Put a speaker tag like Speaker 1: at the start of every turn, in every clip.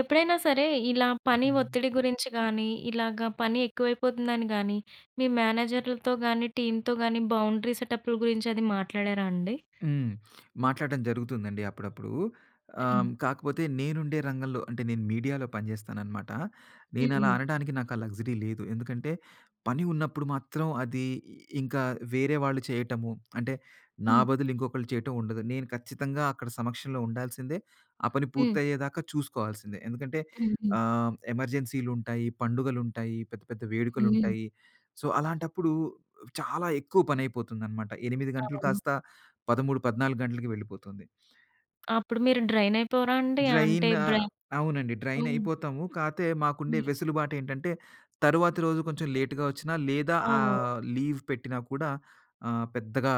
Speaker 1: ఎప్పుడైనా సరే ఇలా పని ఒత్తిడి గురించి గానీ, ఇలాగ పని ఎక్కువైపోతుందని గానీ, మీ మేనేజర్లతో గానీ టీమ్‌తో గాని బౌండరీ సెటప్పుల గురించి అది మాట్లాడారా అండి?
Speaker 2: హ్మ్. మాట్లాడటం జరుగుతుందండి అప్పుడప్పుడు. ఆ!
Speaker 1: హ్మ్.
Speaker 2: కాకపోతే నేనుండే రంగంలో అంటే నేను మీడియాలో పనిచేస్తాననమాట. నేను అలా
Speaker 1: హుహు.
Speaker 2: అనడానికి నాకు ఆ లక్సరీ లేదు. ఎందుకంటే పని ఉన్నప్పుడు మాత్రం అది, ఇంకా వేరే వాళ్ళు చేయటము అంటే, నా
Speaker 1: హ్మ్.
Speaker 2: బదులు ఇంకొకళ్ళు చేయటం ఉండదు. నేను ఖచ్చితంగా అక్కడ సమక్షంలో ఉండాల్సిందే, ఆ పని
Speaker 1: హ్మ్.
Speaker 2: పూర్తయ్యేదాకా చూసుకోవాల్సిందే ఎందుకంటే
Speaker 1: హుహు.
Speaker 2: ఆహ్, ఎమర్జెన్సీలుంటాయి, పండుగలుంటాయి, పెద్ద పెద్ద
Speaker 1: హుహు.
Speaker 2: వేడుకలుంటాయి. సో, అలాంటప్పుడు చాలా ఎక్కువ పనైపోతుందన్నమాట. 8 గంటలు
Speaker 1: అవును.
Speaker 2: కాస్త 13, 14 గంటలకి వెళ్ళిపోతుంది.
Speaker 1: అప్పుడు మీరు డ్రైన్ అయిపోరాండి? అంటే
Speaker 2: డ్రైనా?
Speaker 1: బ్రెయిన్
Speaker 2: అవునండి. డ్రైన్
Speaker 1: హ్మ్.
Speaker 2: అయిపోతాము. కాతే మాకుండే
Speaker 1: హ్మ్.
Speaker 2: వెసులుబాటెంటంటే తరువాతి రోజు కొంచెం లేట్‌గా వచ్చిన లేదా
Speaker 1: ఓహో!
Speaker 2: ఆహ్, లీవ్ పెట్టినా కూడా ఆహ్, పెద్దగా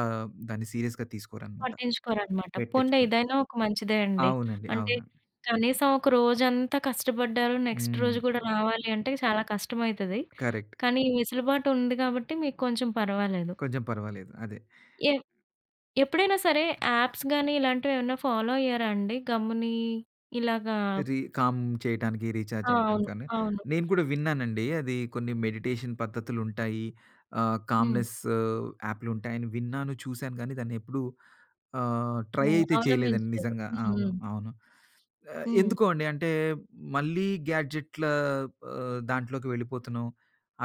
Speaker 2: దాన్ని సీరియస్‌గా తీసుకోరన్నమాట.
Speaker 1: పట్టించుకోరనమాట. పోనిలే
Speaker 2: పెట్టించుకోరు.
Speaker 1: ఇదైనా ఒక మంచిదే అండి.
Speaker 2: అవునండి.
Speaker 1: అంటే
Speaker 2: అవునండి.
Speaker 1: కనీసం ఒక రోజంతా కష్టపడ్డారు, నెక్స్ట్
Speaker 2: హ్మ్.
Speaker 1: రోజు కూడా రావాలి అంటే చాలా కష్టమైతది.
Speaker 2: కరెక్ట్.
Speaker 1: కానీ ఈ వెసులుబాటు ఉంది కాబట్టి మీకు కొంచెం పర్వాలేదు.
Speaker 2: కొంచెం పర్వాలేదు. అదే.
Speaker 1: ఏ ఎప్పుడైనా సరే యాప్స్ గాని ఇలాంటివి ఏమన్నా ఫాలో అయ్యారా అండి గమ్ముని ఇలాగా
Speaker 2: రి కామ్ చేయటానికి రీచార్జ్
Speaker 1: ఆ!
Speaker 2: అవ్వటం
Speaker 1: అవును.
Speaker 2: కానీ.
Speaker 1: అవును.
Speaker 2: నేను కూడా విన్నానండి అది కొన్ని మెడిటేషన్ పద్ధతులుంటాయి ఆహ్,
Speaker 1: హ్మ్.
Speaker 2: కామ్నెసు యాపులుంటాయి అని విన్నాను, చూసాను, కానీ దాన్ని ఎప్పుడు ఆహ్, ట్రై
Speaker 1: హ్మ్.
Speaker 2: అయితే చేయలేదండి
Speaker 1: అవలంబించలేదు.
Speaker 2: నిజంగా.
Speaker 1: హుహు.
Speaker 2: అవును. అవును. ఆహ్,
Speaker 1: హ్మ్.
Speaker 2: ఎందుకో అండి అంటే మళ్ళీ గాడ్జెట్ల ఆహ్, దాంట్లోకి వెళ్ళిపోతున్నాం.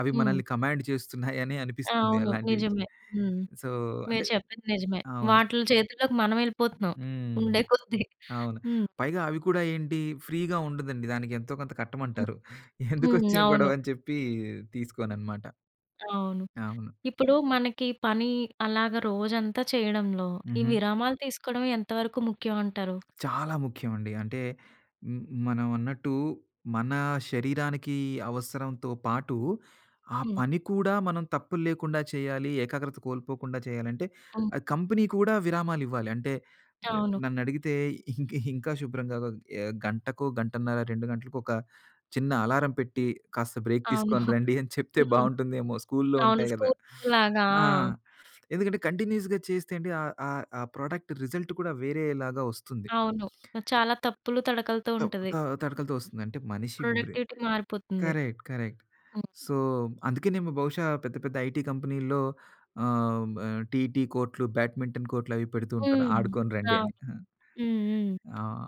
Speaker 2: అవి
Speaker 1: హ్మ్.
Speaker 2: మనల్ని కమాండ్ చేస్తున్నాయని అనిపిస్తుంది
Speaker 1: అవును.
Speaker 2: అలాంటివి.
Speaker 1: నిజమే. హ్మ్.
Speaker 2: సో, అంటే
Speaker 1: మీరు చెప్పింది నిజమే.
Speaker 2: అవును.
Speaker 1: వాటిల్లో చేతుల్లోకి మనం వెళ్ళిపోతున్నాం,
Speaker 2: హ్మ్.
Speaker 1: ఉండే కొద్దీ.
Speaker 2: అవును.
Speaker 1: హ్మ్.
Speaker 2: పైగా అవి కూడా ఏంటి ఫ్రీ‌గా ఉండదండి. దానికెంతో కొంత
Speaker 1: హ్మ్.
Speaker 2: కట్టమంటారు.
Speaker 1: హ్మ్.
Speaker 2: ఎందుకొచ్చిన
Speaker 1: అవును.
Speaker 2: గొడవని చెప్పి తీసుకోనన్నమాట.
Speaker 1: అవును.
Speaker 2: అవును.
Speaker 1: ఇప్పుడు మనకి పని అలాగా రోజంతా చేయడంలో, ఈ
Speaker 2: హుహు.
Speaker 1: విరామాలు తీసుకోవడమే ఎంతవరకు ముఖ్యమంటారు?
Speaker 2: చాలా ముఖ్యమండి. అంటే మ్మా మనం అన్నట్టు మన శరీరానికి అవసరంతో పాటు, ఆ
Speaker 1: హ్మ్.
Speaker 2: పని కూడా మనం తప్పులు లేకుండా చేయాలి, ఏకాగ్రత కోల్పోకుండా చేయాలంటే,
Speaker 1: హ్మ్.
Speaker 2: కంపెనీ కూడా విరామాలివ్వాలి అంటే
Speaker 1: అవును.
Speaker 2: నన్నడిగితే ఇంకా ఇంకా శుభ్రంగా ఆహ్, గంటకో గంటన్నర, 2 గంటలకి ఒక చిన్న అలారం పెట్టి కాస్త బ్రేక్
Speaker 1: అవును.
Speaker 2: తీసుకొని రండి అని, చెప్తే
Speaker 1: హ్మ్.
Speaker 2: బాగుంటుందేమో స్కూలులో
Speaker 1: అవును.
Speaker 2: ఉంటాయి కదా!
Speaker 1: స్కూల్స్ లాగా.
Speaker 2: ఆ! ఎందుకంటే కంటిన్యూస్‌గా చేస్తేంటి, ఆ ఆ ఆ ప్రొడక్ట్ రిజల్ట్ కూడా వేరే లాగా వస్తుంది.
Speaker 1: అవును. చాలా తప్పులు తడకలతో
Speaker 2: తప్
Speaker 1: ఉంటది.
Speaker 2: ఆహ్, తడకలతో ఓస్తుంది. అంటే మనిషి బ్రె
Speaker 1: ప్రొడక్టివిటీ మారిపోతుంది.
Speaker 2: Correct correct.
Speaker 1: హ్మ్.
Speaker 2: సో, అందుకేనేమో బహుశా పెద్ద పెద్ద ఐటీ కంపెనీల్లో ఆహ్, టీటీ కోర్టులు, బ్యాడ్మింటన్ కోర్టులు అవి పెడుతుంటారు.
Speaker 1: హ్మ్.
Speaker 2: ఆడుకొని రండి అని.
Speaker 1: అవును. హుహు.
Speaker 2: ఆ! ఆ!